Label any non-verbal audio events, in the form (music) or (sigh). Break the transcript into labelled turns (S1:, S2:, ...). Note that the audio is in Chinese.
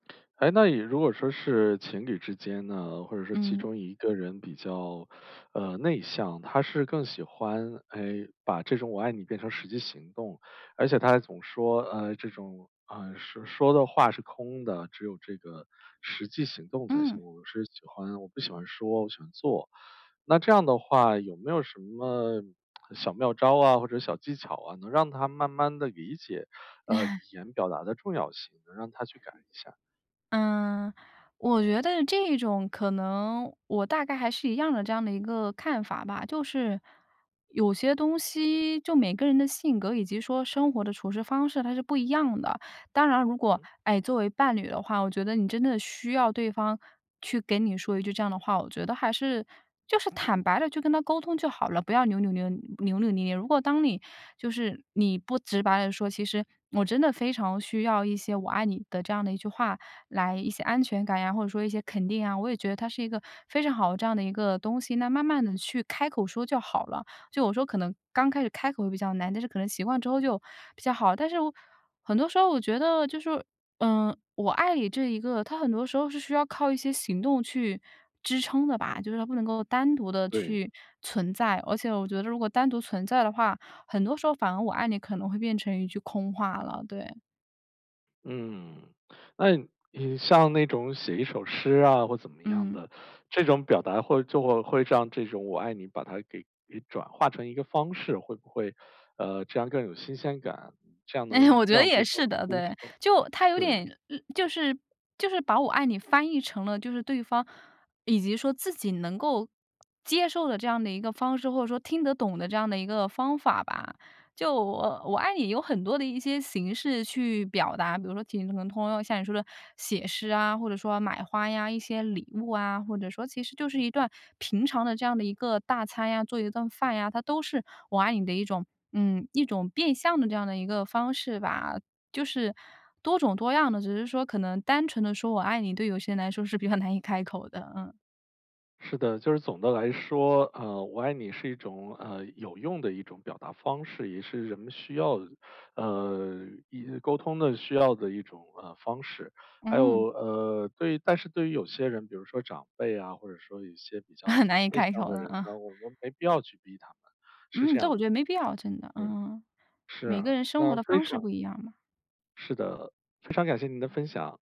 S1: 哎，那你如果说是情侣之间呢，或者是其
S2: 嗯。
S1: 中一个人比较，(sucks teeth) 呃，内向，他是更喜欢，哎，把这种我爱你变成实际行动。而且他还总说，呃，这种，呃，说说的话是空的，只有这个实际行动才
S2: 嗯。
S1: 行。我是喜欢我不喜欢说，我喜欢做。那这样的话有没有什么小妙招啊，或者小技巧啊，能让他慢慢地理解，呃，语
S2: (laughs)
S1: 言表达的重要性，能让他去改一下。
S2: 嗯，我觉得这种可能我大概还是一样的这样的一个看法吧。就是，有些东西就每个人的性格，以及说生活的处事方式它是不一样的。当然如果，
S1: 嗯。
S2: 哎，作为伴侣的话，我觉得你真的需要对方去给你说一句这样的话，我觉得还是就是坦白地就跟他沟通就好了，不要扭扭捏扭扭捏捏。如果当你就是你不直白地说，其实我真的非常需要一些“我爱你”的这样的一句话来一些安全感呀，或者说一些肯定啊，我也觉得它是一个非常好的这样的一个东西，那慢慢地去开口说就好了。就我说可能刚开始开口比较难，但是可能习惯之后就比较好。但是很多时候我觉得就是说，呃，我爱你这一个，它很多时候是需要靠一些行动去支撑的吧。
S1: 嗯。
S2: 就是它不能够单独地
S1: 对。
S2: 去存在，而且我觉得如果单独存在的话，很多时候反而我爱你可能会变成一句空话了，对。
S1: 嗯，那你像那种写一首诗啊或怎么样
S2: 嗯。
S1: 的，这种表达会就会让这种“我爱你”把它给给转化成一个方式，会不会，呃，这样更有新鲜感？这样
S2: 哎呀，
S1: 能
S2: 我觉得
S1: 让
S2: 也
S1: 对方
S2: 是
S1: 去
S2: 的，
S1: 接
S2: 对。
S1: 受，
S2: 就他有
S1: 对。
S2: 点就是就是把我爱你翻译成了，就是对方，以及说自己能够接受的这样的一个方式，或者说听得懂的这样的一个方法吧。就我“我爱你”有很多的一些形式去表达，比如说挺都能通用，像你说的写诗啊，或者说买花呀，一些礼物啊，或者说其实就是一段平常的这样的一个大餐呀，做一顿饭呀，它都是“我爱你”的一种，嗯，一种变相的这样的一个方式吧，就是多种多样的。只是说可能单纯地说"我爱你"，对有些人来说是比较难以开口的，嗯。
S1: 是的，就是总的来说，呃，“我爱你”是一种，呃，有用的一种表达方式，也是人们需要的，呃，也沟通的需要的一种，呃，方式。还有，
S2: 嗯。
S1: 呃，对但是对于有些人，比如说长辈啊，或者说一些比
S2: (laughs)
S1: 较
S2: 难以
S1: 内
S2: 开
S1: 向
S2: 口
S1: 的
S2: 了
S1: 人呢，
S2: 啊。
S1: 我们没必要去逼他们，是
S2: 嗯，
S1: 这
S2: 这
S1: 样
S2: 我觉
S1: 的。
S2: 得没必要，真的。
S1: 嗯，
S2: 嗯，
S1: 是
S2: 每
S1: 啊，
S2: 个人生活
S1: 那
S2: 的
S1: 非
S2: 方式
S1: 常
S2: 不一样嘛。
S1: 是的，非常感谢您的分享。